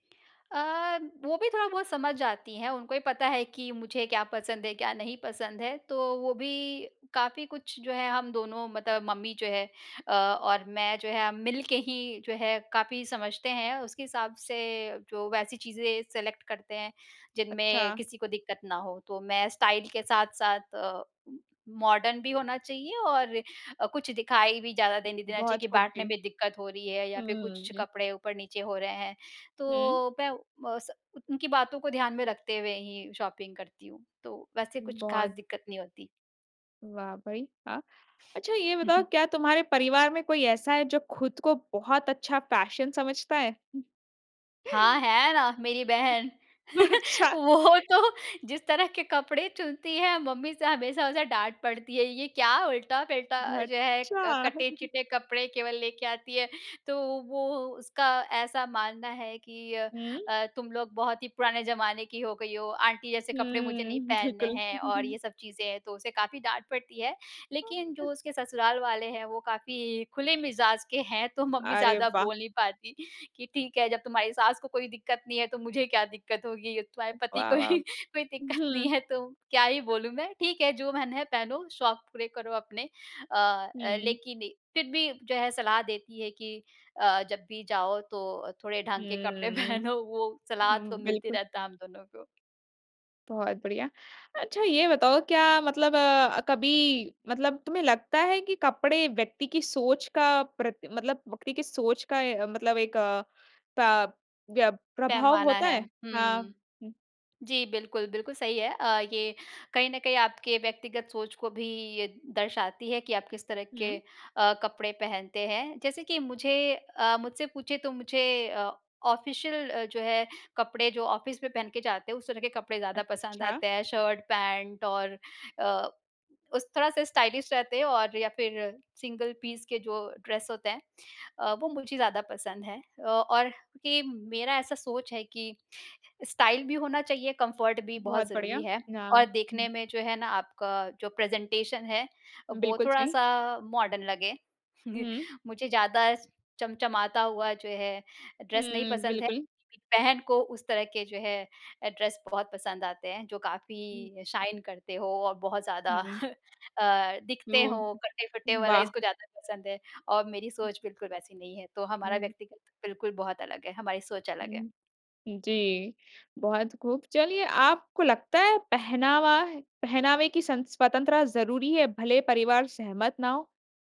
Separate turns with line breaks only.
अ, वो भी थोड़ा-बहुत समझ जाती हैं, उनको ये पता है कि मुझे क्या पसंद है, क्या नहीं पसंद है, तो वो भी काफ़ी कुछ जो है हम दोनों मतलब मम्मी जो है अ, और मैं जो है हम मिलके ही जो है काफ़ी समझते हैं। उसके हिसाब से, जो वैसी चीज़ें सेलेक्ट करते हैं, जिनमें
अच्छा।
किसी को दिक्कत ना हो, तो मैं स्टाइल के साथ-साथ अ, उ मॉडर्न भी होना चाहिए। और अ, कुछ दिखाई भी ज़्यादा देने देना चाहिए
बहुत
कि
खूब
बाँटने
जी।
में दिक्कत हो रही है या फिर
हुँ,
कुछ
जी।
कपड़े ऊपर-नीचे हो रहे हैं,
हुँ।
तो मैं बस उनकी बातों को ध्यान में रखते हुए ही शॉपिंग करती हूँ, तो वैसे कुछ खास
बहुत।
दिक्कत नहीं होती।
वाह भई वाह! अच्छा ये बताओ क्या तुम्हारे परिवार में कोई ऐसा है, जो खुद को बहुत अच्छा फैशन समझता है?
हाँ, है ना मेरी बहन।
अच्छा।
वो तो जिस तरह के कपड़े चुनती है मम्मी से हमेशा उसे डाँट पड़ती है ये क्या उल्टा-पलटा जो है,
अच्छा।
अ, कटे-चिटे कपड़े केवल लेके आती है। तो वो, उसका ऐसा मानना है कि अ
हुँ।
अ, तुम लोग बहुत ही पुराने ज़माने की हो गई हो, आंटी जैसे कपड़े मुझे
हुँ,
नहीं पहनने
बिल्कुल।
हैं और ये सब चीज़ें हैं, तो उसे काफ़ी डाँट पड़ती है। लेकिन जो उसके ससुराल वाले हैं, वो काफ़ी खुले मिज़ाज़ के हैं, तो मम्मी
अरे
ज़्यादा
वाह!
बोल नहीं पाती कि ठीक है जब तुम्हारी सास को कोई दिक्कत नहीं है, तो मुझे क्या दिक्कत होगी, तुम्हारे पति
वाह
को
वाह!
ही कोई दिक्कत नहीं
हुँ।
है, तो क्या ही बोलूँ मैं ठीक है जो मन है पहनो, शौक पूरे करो अपने। अ अ,
हुँ।
लेकिन फिर भी जो है सलाह देती है कि अ, जब भी जाओ तो थोड़े ढंग
हुँ,
के कपड़े
हुँ।
पहनो वो सलाह तो
हुँ
मिलती
बिल्कुल।
रहता है हम दोनों को।
बहुत बढ़िया। अच्छा ये बताओ क्या मतलब अ, कभी मतलब, तुम्हे लगता है कि कपड़े व्यक्ति की सोच का प्रत मतलब व्यक्ति की सोच का अ, मतलब एक अ, प य प्रभाव
पैमाना
होता
है।
है? हाँ,
हुँ।
हुँ।
जी, बिल्कुल, बिल्कुल सही है अ, ये कहीं न कहीं आपके व्यक्तिगत सोच को भी ये दर्शाती है कि आप किस तरह के
हुँ।
अ, कपड़े पहनते हैं। जैसे कि मुझे अ, मुझसे पूछे तो मुझे अ, ऑफिशियल अ, जो है कपड़े जो ऑफिस में पहन के जाते हैं उस तरह के कपड़े ज़्यादा पसंद
अच्छा।
आते हैं, शर्ट-पैंट और अ, उस थोड़ा-सा स्टाइलिश रहते हैं और या फिर सिंगल पीस के जो ड्रेस होते हैं अ, वो मुझे ज़्यादा पसंद है। अ, और के मेरा ऐसा सोच है कि स्टाइल भी होना चाहिए, कम्फर्ट भी
बहुत
बहुत
बढ़िया,
ज़रूरी है और
नाम।
देखने
हुँ।
में जो है ना आपका जो प्रेजेंटेशन है वो
बिल्कुल सही।
थोड़ा-सा मॉडर्न लगे।
हुँ।
मुझे ज़्यादा चमचमाता हुआ जो है, ड्रेस नहीं
हुँ,
पसंद है
बिल्कुल।
लेकिन बहन को उस तरह के जो है ड्रेस बहुत पसंद आते हैं, जो
हुँ।
काफ़ी शाइन करते हो और बहुत
हुँ,
ज़्यादा
हुँ।
अ, दिखते
जो,
हो कटे-फटे वाला
वाह!
इसको ज़्यादा पसंद है और मेरी सोच बिल्कुल वैसी नहीं है। तो हमारा
हुँ।
व्यक्तिगत बिल्कुल बहुत अलग है, हमारी सोच अलग है।
हुँ, जी। बहुत खूब। चलिए आपको लगता है, पहनावा पहनावे की सं स्वतंत्रता ज़रूरी है, भले परिवार सहमत ना हो?